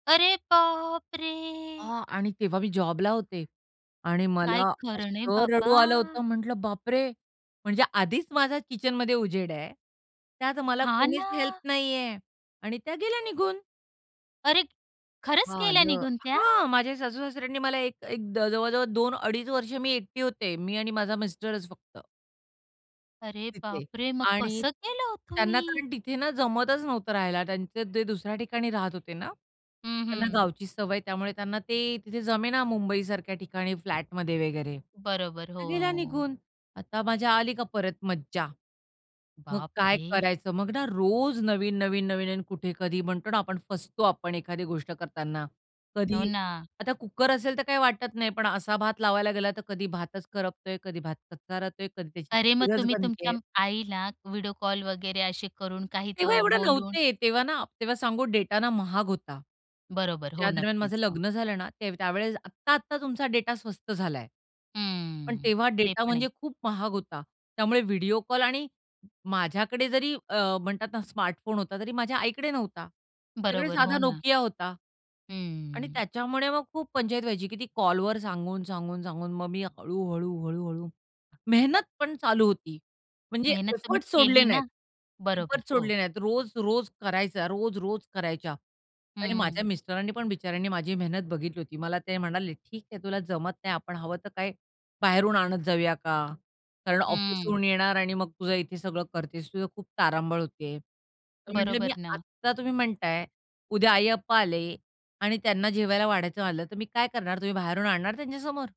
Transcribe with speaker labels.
Speaker 1: अरे बाप रे!
Speaker 2: अ आणि तेव्हा मी जॉबला होते. आणि
Speaker 1: काय
Speaker 2: मला
Speaker 1: खरं नाही
Speaker 2: असं
Speaker 1: बाबा.
Speaker 2: रडू आलं होतं. म्हंटलं बापरे! म्हणजे आधीच माझा किचनमध्ये उजेड आहे. त्यात मला
Speaker 1: हां,
Speaker 2: कोणीच हेल्प
Speaker 1: ना.
Speaker 2: नाहीये आणि त्या गेल्या निघून.
Speaker 1: अरे! खरंच गेल्या
Speaker 2: आलं.
Speaker 1: निघून त्या?
Speaker 2: हां माझ्या सासूसासऱ्यांनी मला एक एक द जवळ-जवळ 2 अडीच वर्ष मी एकटी होते. मी आणि माझा मिस्टरच फक्त.
Speaker 1: अरे
Speaker 2: तिथे.
Speaker 1: बाप रे! मग
Speaker 2: आणि
Speaker 1: कसं केलं हो
Speaker 2: त्यांना
Speaker 1: तुम्ही?
Speaker 2: कारण तिथे ना जमतच नव्हतं राहायला त्यांचे ते दुसऱ्या ठिकाणी राहत होते ना.
Speaker 1: हं,
Speaker 2: त्यांना
Speaker 1: हं.
Speaker 2: गावची सवय त्यामुळे त्यांना ते तिथे जमेना मुंबईसारख्या ठिकाणी फ्लॅटमध्ये वगैरे.
Speaker 1: बरोबर. हो,
Speaker 2: त्या गेल्या
Speaker 1: हो.
Speaker 2: निघून, आता माझ्या आली का परत मज्जा? मग काय
Speaker 1: बापरे!
Speaker 2: करायचं? मग ना रोज नवीन-नवीन, नवीन आणि कुठे कधी म्हणतो ना आपण फसतो आपण एखादी गोष्ट करताना.
Speaker 1: हो
Speaker 2: कधी
Speaker 1: ना.
Speaker 2: आता कुकर असेल तर काही वाटत नाही पण असा भात लावायला गेला तर कधी भातच करपतोय, कधी भात कच्चा, कधी त्याची
Speaker 1: अरे मग
Speaker 2: खीरच
Speaker 1: तुम्ही तुमच्या
Speaker 2: बनतेय.
Speaker 1: आईला व्हिडिओ कॉल वगैरे अशे करून काही
Speaker 2: तेव्हा
Speaker 1: तो
Speaker 2: एवढे
Speaker 1: बोलून
Speaker 2: नव्हते, तेव्हा ना तेव्हा सांगू डेटा ना महाग होता.
Speaker 1: बरोबर. हो
Speaker 2: ज्या दरम्यान माझं
Speaker 1: नक्कीच हां.
Speaker 2: लग्न झालं ना त्यावेळेस आत्ता-आत्ता तुमचा डेटा स्वस्त झालाय. पण
Speaker 1: हम्म.
Speaker 2: तेव्हा
Speaker 1: ते
Speaker 2: डेटा
Speaker 1: पण आहे.
Speaker 2: म्हणजे खूप महाग होता. त्यामुळे व्हिडिओ कॉल आणि माझ्याकडे जरी अ, म्हणतात ना स्मार्टफोन होता तरी माझ्या आईकडे नव्हता. तिच्याकडे
Speaker 1: बरोबर.
Speaker 2: साधा
Speaker 1: हो, ना.
Speaker 2: नोकिया होता आणि
Speaker 1: हम्म.
Speaker 2: त्याच्यामुळे मग खूप पंचायत व्हायची की ती कॉलवर सांगून, सांगून, सांगून. मग मी हळू-हळू, हळू-हळू मेहनत पण चालू होती, म्हणजे
Speaker 1: मेहनत तुम्ही
Speaker 2: एफर्ट्स सोडले
Speaker 1: केली
Speaker 2: नाहीत,
Speaker 1: ना? बरोबर.
Speaker 2: एफर्ट्स
Speaker 1: हो.
Speaker 2: सोडले नाहीत. रोज-रोज करायचा. रोज-रोज करायच्या आणि
Speaker 1: हं.
Speaker 2: माझ्या मिस्टरांनी पण बिचाऱ्यांनी माझी मेहनत बघितली होती मला ते म्हणाले, "ठीक आहे तुला जमत नाही आपण हवं तर काय बाहेरून आणत जाऊया का? कारण
Speaker 1: हं.
Speaker 2: ऑफिसहून येणार आणि मग तुझं इथे सगळं करतेस. तुझं खूप तारांबळ होते." तर म्हंटलं, "मी
Speaker 1: बरोबर ना?
Speaker 2: आता तुम्ही म्हणताय. उद्या आई-अप्पा आले आणि त्यांना जेवायला वाढायचं आलं तर मी काय करणार? तुम्ही बाहेरून आणणार त्यांच्या समोर?"